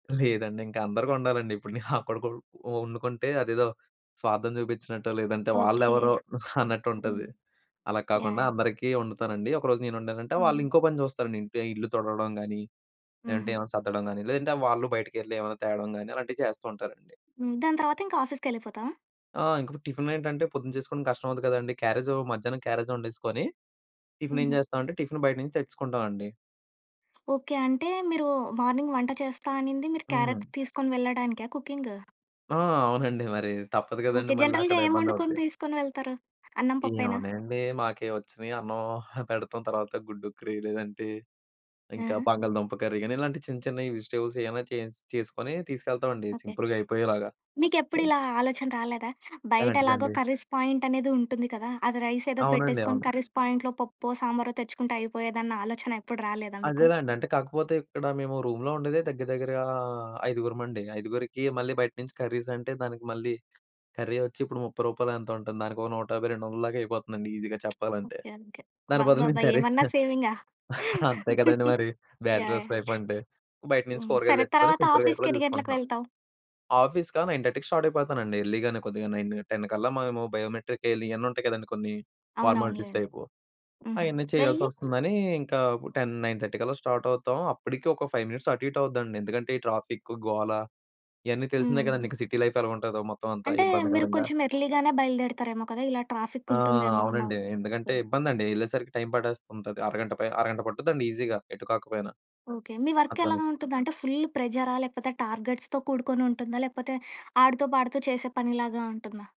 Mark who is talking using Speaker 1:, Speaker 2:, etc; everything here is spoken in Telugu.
Speaker 1: లేదండి. ఇంకా అందరికి వండాలండి. ఇప్పుడు నేను నాకొక్కడుకు ఒండుకుంటే అదేదో స్వార్థం చూపించినట్టు లేదంటే
Speaker 2: ఓకే.
Speaker 1: వాళ్ళెవరో
Speaker 2: హ్మ్.
Speaker 1: అన్నట్టుంటది. అలా కాకుండా
Speaker 2: యాహ్!
Speaker 1: అందరికీ వండుతానండి. ఒకరోజు నేను వండానంటే వాళ్ళు
Speaker 2: హుహు.
Speaker 1: ఇంకో పని చూస్తారండి ఇంట్లో, ఇల్లు తుడవడం గానీ, లేదంటే
Speaker 2: హుహు.
Speaker 1: ఏవన్నా సద్దడం గానీ, లేదంటే వాళ్ళు బయటికెళ్లి ఏవన్నా తేవడం గానీ అలాంటివి చేసస్తూ ఉంటారండి.
Speaker 2: హ్మ్. దాని తరువాత ఇంకా ఆఫీస్‌కెళ్ళిపోతావ?
Speaker 1: ఆ! ఇంకిపుడు టిఫిన్ ఏంటంటే పొద్దున చేసుకోవడం కష్టం అవుద్ది కదండీ! క్యారేజ్ మధ్యాహ్నం క్యారేజ్ వండేసుకొని. టిఫిన్ ఏం
Speaker 2: హుహు.
Speaker 1: చేస్తామంటే, టిఫిన్ బయట నుంచి తెచ్చేసుకుంటామండి.
Speaker 2: ఓకే. అంటే మీరు మార్నింగ్ వంట చేస్తా అనింది మీరు
Speaker 1: హ్మ్.
Speaker 2: క్యారెట్ తీసుకొని వెళ్ళడానికా కుకింగ్?
Speaker 1: ఆ! అవునండి మరి. తప్పదు
Speaker 2: ఓకే.
Speaker 1: కదండీ! మళ్ళ
Speaker 2: జనరల్‌గా
Speaker 1: అక్కడ
Speaker 2: ఏం
Speaker 1: ఇబ్బంది
Speaker 2: వండుకొని
Speaker 1: అవుద్ది.
Speaker 2: తీసుకొని వెళ్తారు? అన్నం పప్పేనా?
Speaker 1: ఎమున్నాయండి. మాకే వచ్చినాయి అన్నం పెడతాం తర్వాత గుడ్డు‌క్కరి, లేదంటే ఇంకా
Speaker 2: ఆహా!
Speaker 1: బంగాళదుంప కర్రీ కానీ ఇలాంటి చిన్న చిన్నవి వెజిటబుల్స్ ఏమైనా చే చేసుకొని తీసుకెళ్తామండి
Speaker 2: ఓకే.
Speaker 1: సింపుల్‌గా అయిపోయేలాగా
Speaker 2: మీకు
Speaker 1: హ్మ్.
Speaker 2: ఎప్పుడిలా ఆలోచన రాలేదా? బయట ఎలాగో
Speaker 1: ఎలాంటిదండి?
Speaker 2: కర్రీస్ పాయింట్ అనేది ఉంటుంది కదా! అది రైస్ ఏదో
Speaker 1: అవునండి.
Speaker 2: పెట్టేసుకొని
Speaker 1: అవును.
Speaker 2: కర్రీస్ పాయింట్లో పప్పో, సాంబారో తెచ్చుకుంటే అయిపోయేదన్న ఆలోచన ఎప్పుడు రాలేదా మీకు?
Speaker 1: అదేనండి. అంటే కాకపోతే ఇక్కడ మేము రూమ్‌లో ఉండేదే దగ్గర దగ్గరగా ఆహ్, ఐదుగురమండి. ఐదుగురికి మళ్ళీ బయట నుంచి కర్రీస్ అంటే దానికి మళ్ళీ కర్రీ వచ్చి ఇప్పుడు 30 రూపాయలో ఎంతో ఉంటుంది. దానికి ఒక 150, 200ల దాకా అయిపోతుందండి ఈజీగా చెప్పాలంటే.
Speaker 2: ఓకే. ఓకే.
Speaker 1: దాని బదులు
Speaker 2: అబ్బబ్బబ్బ!
Speaker 1: మేము కర్రీస్
Speaker 2: ఏమన్నా సేవింగా?
Speaker 1: అంతే కదండీ! మరి
Speaker 2: యాహ్! యాహ్!
Speaker 1: బ్యాచలర్స్ లైఫ్ అంటే. బయట నుంచి
Speaker 2: హ్మ్.
Speaker 1: కూరగాయలు
Speaker 2: సరే
Speaker 1: తెచ్చుకుని
Speaker 2: తరువాత
Speaker 1: సింపుల్‌గా
Speaker 2: ఆఫీస్‌కి
Speaker 1: అయిపోయేలా
Speaker 2: యేన్నిగంటలకి
Speaker 1: చూసుకుంటున్నాం.
Speaker 2: వెళ్తావ్?
Speaker 1: ఆఫీస్‌కా 9:30కి స్టార్ట్ అయిపోతానండి. ఎర్లీగానే కొద్దిగా 9, 10 కల్లా మేము బయోమెట్రిక్ యె‌య్యాలి ఇయన్నీ ఉంటాయి కదండీ. కొన్ని ఫార్మాలిటీస్
Speaker 2: అవునవునులెండి.
Speaker 1: టైపు.
Speaker 2: హుహు.
Speaker 1: అయన్నీ
Speaker 2: వెళ్ళి?
Speaker 1: చేయాల్సొస్తుందని ఇంకా 10, 9:30 కల్లా స్టార్ట్ అవుతాం. అప్పటికి ఒక 5 మినిట్స్ అటు ఇటు అవుద్దండి. ఎందుకంటే ఈ ట్రాఫిక్ గోల ఇయన్నీ తెలిసిందే
Speaker 2: హ్మ్.
Speaker 1: కదండి! ఇంక సిటీ లైఫ్ ఎలగుంటదో మొత్తం అంతా
Speaker 2: అంటే మీరు
Speaker 1: ఇబ్బందికరంగా.
Speaker 2: కొంచెం ఎర్లీ‌గానే బయలుదేరుతారేమో కదా! ఇలా ట్రాఫిక్
Speaker 1: ఆ!
Speaker 2: ఉంటుందేమో అన్న
Speaker 1: అవునండి.
Speaker 2: ఓకే.
Speaker 1: ఎందుకంటే ఇబ్బందండి. యెళ్ళేసరికి టైమ్ పట్టేస్తు ఉంటది. అరగంట పై అరగంట పట్టుదండి ఈజీగా ఎటు కాకపోయినా.
Speaker 2: ఓకే. మీ వర్క్ ఎలా
Speaker 1: అక్కడనేసి.
Speaker 2: ఉంటుంది? అంటే ఫుల్ల్ ప్రెజరా? లేకపోతే టార్గెట్స్‌తో కూడుకొనుంటుందా? లేకపోతే ఆడుతూ పాడుతూ చేసే పనిలాగా ఉంటుందా?